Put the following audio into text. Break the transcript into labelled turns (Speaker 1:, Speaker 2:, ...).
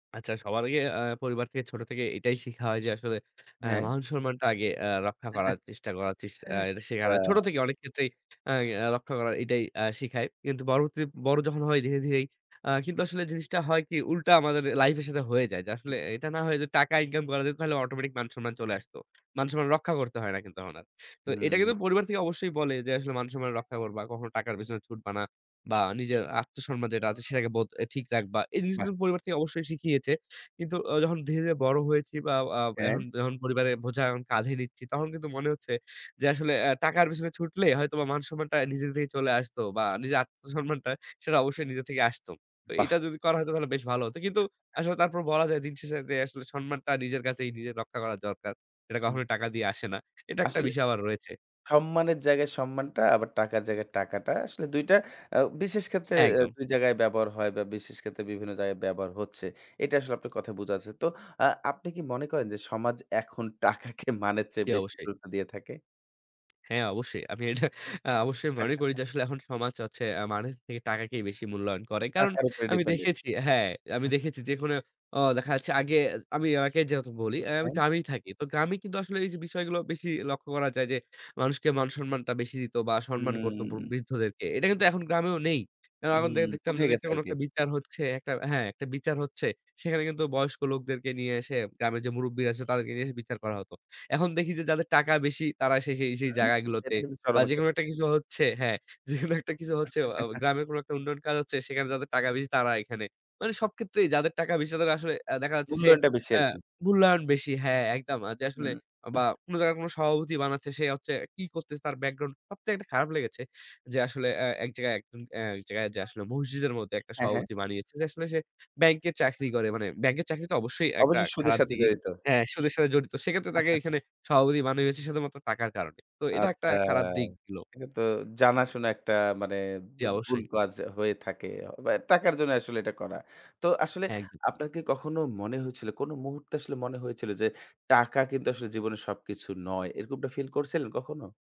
Speaker 1: আচ্ছা, সবার আগে আ পরিবার থেকে ছোট থেকে এটাই শিখা হয় যে, আসলে আ
Speaker 2: হ্যাঁ।
Speaker 1: মান সম্মানটা আগে আ রক্ষা করার চেষ্টা করা চেস আ এটা শেখা।
Speaker 2: চা
Speaker 1: ছোট থেকে অনেক ক্ষেত্রেই আ আ রক্ষা করা এটাই আ শিখায়। কিন্তু পরবর্তী বড় যখন হই ধীরে, ধীরেই আ কিন্তু আসলে জিনিসটা হয় কি, উল্টা আমাদের লাইফের সাথে হয়ে যায়। যে আসলে এটা না, হয়ে যে টাকা ইনকাম করা যেত, তাহলে অটোমেটিক মান-সম্মান চলে আসতো। মান সম্মান রক্ষা করতে হয় না কিন্তু তখন আর। তো এইটা
Speaker 2: হুম।
Speaker 1: কিন্তু পরিবার থেকে অবশ্যই বলে যে, আসলে মান-সম্মান রক্ষা করবা। কখনো টাকার পেছনে ছুটবে না। বা নিজের আত্মসম্মান যেটা আছে, সেটাকে বোধ অ্যা ঠিক রাখবা। এই জিনিসগুলো
Speaker 2: বাহ!
Speaker 1: পরিবার থেকে অবশ্যই শিখিয়েছে। কিন্তু আ যখন ধীরে, ধীরে বড় হয়েছি, বা আ এখন
Speaker 2: হ্যাঁ।
Speaker 1: যখন পরিবারের বোঝা এখন কাঁধে নিচ্ছি, তখন কিন্তু মনে হচ্ছে যে, আসলে অ্যা টাকার পেছনে ছুটলে হয়তো বা মান-সম্মানটা নিজের থেকে চলে আসতো, বা নিজের আত্মসম্মানটা, সেটা অবশ্যই নিজে থেকেই আসতো। তো এটা
Speaker 2: বাহ!
Speaker 1: যদি করা যেত, হয়তো তাহলে বেশ ভালো হতো। কিন্তু আসলে তারপর বলা যায়, দিন শেষে যে আসলে সম্মানটা নিজের কাছেই নিজের রক্ষা করা দরকার। এটা
Speaker 2: হুম।
Speaker 1: কখনোই টাকা দিয়ে আসে না। এটা একটা
Speaker 2: আসলে
Speaker 1: বিষয় আবার রয়েছে।
Speaker 2: সম্মানের জায়গায় সম্মানটা, আবার টাকার জায়গায় টাকাটা আসলে ২ টা আ বিশেষ ক্ষেত্রে অ্যা
Speaker 1: একদম।
Speaker 2: ২ জায়গায় ব্যবহার হয় বা বিশেষ ক্ষেত্রে বিভিন্ন জায়গায় ব্যবহার হচ্ছে। এটা আসলে আপনার কথায় থেকেই বোঝা যাচ্ছে। তো আ আপনি কি মনে করেন যে, সমাজ এখন টাকাকে মানের চেয়ে
Speaker 1: জি,
Speaker 2: বেশি
Speaker 1: অবশ্যই।
Speaker 2: গুরুত্ব দিয়ে থাকে?
Speaker 1: হ্যাঁ, অবশ্যই। আমি এটা আ অবশ্যই মনে করি যে, আসলে এখন সমাজ হচ্ছে অ্যা মানুষ থেকে টাকাকেই বেশি মূল্যায়ন করে। কারণ
Speaker 2: টাকার উপরে
Speaker 1: আমি
Speaker 2: dependent
Speaker 1: দেখেছি হ্যাঁ, আমি
Speaker 2: হ্যাঁ।
Speaker 1: দেখেছি, যে কোন ও দেখা যাচ্ছে, আগে আমি আগে যেহেতু বলি, অ্যা আমি
Speaker 2: হ্যাঁ।
Speaker 1: গ্রামেই থাকি। তো গ্রামে কিন্তু আসলে এই যে বিষয়গুলো বেশি লক্ষ্য করা যায়, যে মানুষকে মান-সম্মানটা বেশি দিত, বা সম্মান করত ব
Speaker 2: হুম।
Speaker 1: বৃদ্ধদেরকে। এটা কিন্তু এখন গ্রামেও নেই। আ
Speaker 2: উ হুম,
Speaker 1: [unintelligible] দেখতাম
Speaker 2: উঠে
Speaker 1: যদি একটা
Speaker 2: গেছে
Speaker 1: কোন
Speaker 2: আরকি।
Speaker 1: একটা বিচার হচ্ছে একটা হ্যাঁ, একটা বিচার হচ্ছে, সেখানে কিন্তু বয়স্ক লোকদেরকে নিয়ে এসে, গ্রামের যে মুরুব্বিরা আছে, তাদেরকে নিয়ে এসে বিচার করা হতো। এখন দেখি যে, যাদের টাকা বেশি, তারা এসে সেই, সেই
Speaker 2: উম
Speaker 1: জায়গাগুলোতে,
Speaker 2: এটা কিন্তু
Speaker 1: বা
Speaker 2: চরম একটা
Speaker 1: যেকোনো একটা
Speaker 2: সত্যি।
Speaker 1: কিছু হচ্ছে হ্যাঁ, যেকোনো একটা কিছু হচ্ছে, অ অ গ্রামের কোনো একটা উন্নয়ন কাজ হচ্ছে, সেখানে যাদের টাকা বেশি, তারা এখানে। মানে সব ক্ষেত্রেই যাদের টাকা বেশি, তাদের আসলে আ দেখা যাচ্ছে সে
Speaker 2: মূল্যায়নটা বেশি
Speaker 1: আ
Speaker 2: আরকি।
Speaker 1: মূল্যায়ন বেশি। হ্যাঁ, একদম। আ যে
Speaker 2: উম
Speaker 1: আসলে
Speaker 2: উহ
Speaker 1: বা কোন জায়গায় কোন সভাপতি বানাচ্ছে, সে হচ্ছে কী করতেছে, তার ব্যাকগ্রাউন্ড, সবথেকে একটা খারাপ লেগেছে, যে আসলে আ এক জায়গায় একজন অ্যা এক জায়গায় আসলে মসজিদের মধ্যে একটা
Speaker 2: হ্যাঁ, হ্যাঁ।
Speaker 1: সভাপতি বানিয়েছে, যে আসলে সে ব্যাংকে চাকরি করে। মানে, ব্যাংকের চাকরি তো অবশ্যই একটা
Speaker 2: অবশ্যই সুদের
Speaker 1: খারাপ
Speaker 2: সাথে
Speaker 1: দি
Speaker 2: জড়িত।
Speaker 1: হ্যাঁ, সুদের সাথে জড়িত। সেক্ষেত্রে তাকে এখানে সভাপতি বানিয়েছে শুধুমাত্র টাকার কারণে। তো, এটা একটা
Speaker 2: আচ্ছা,
Speaker 1: খারাপ দিক ছিলো।
Speaker 2: এটা তো জানাশোনা একটা মানে
Speaker 1: জি,
Speaker 2: বু ভুল
Speaker 1: অবশ্যই।
Speaker 2: কাজ হয়ে থাকে, বা টাকার জন্যে আসলে এটা করা। তো আসলে
Speaker 1: একদম।
Speaker 2: আপনার কি কখনো মনে হয়েছিল, কোন মুহূর্তে আসলে মনে হয়েছিল যে, টাকা কিন্তু আসলে জীবনে সবকিছু নয়? এরকম একটা ফিল করছিলেন কখনো?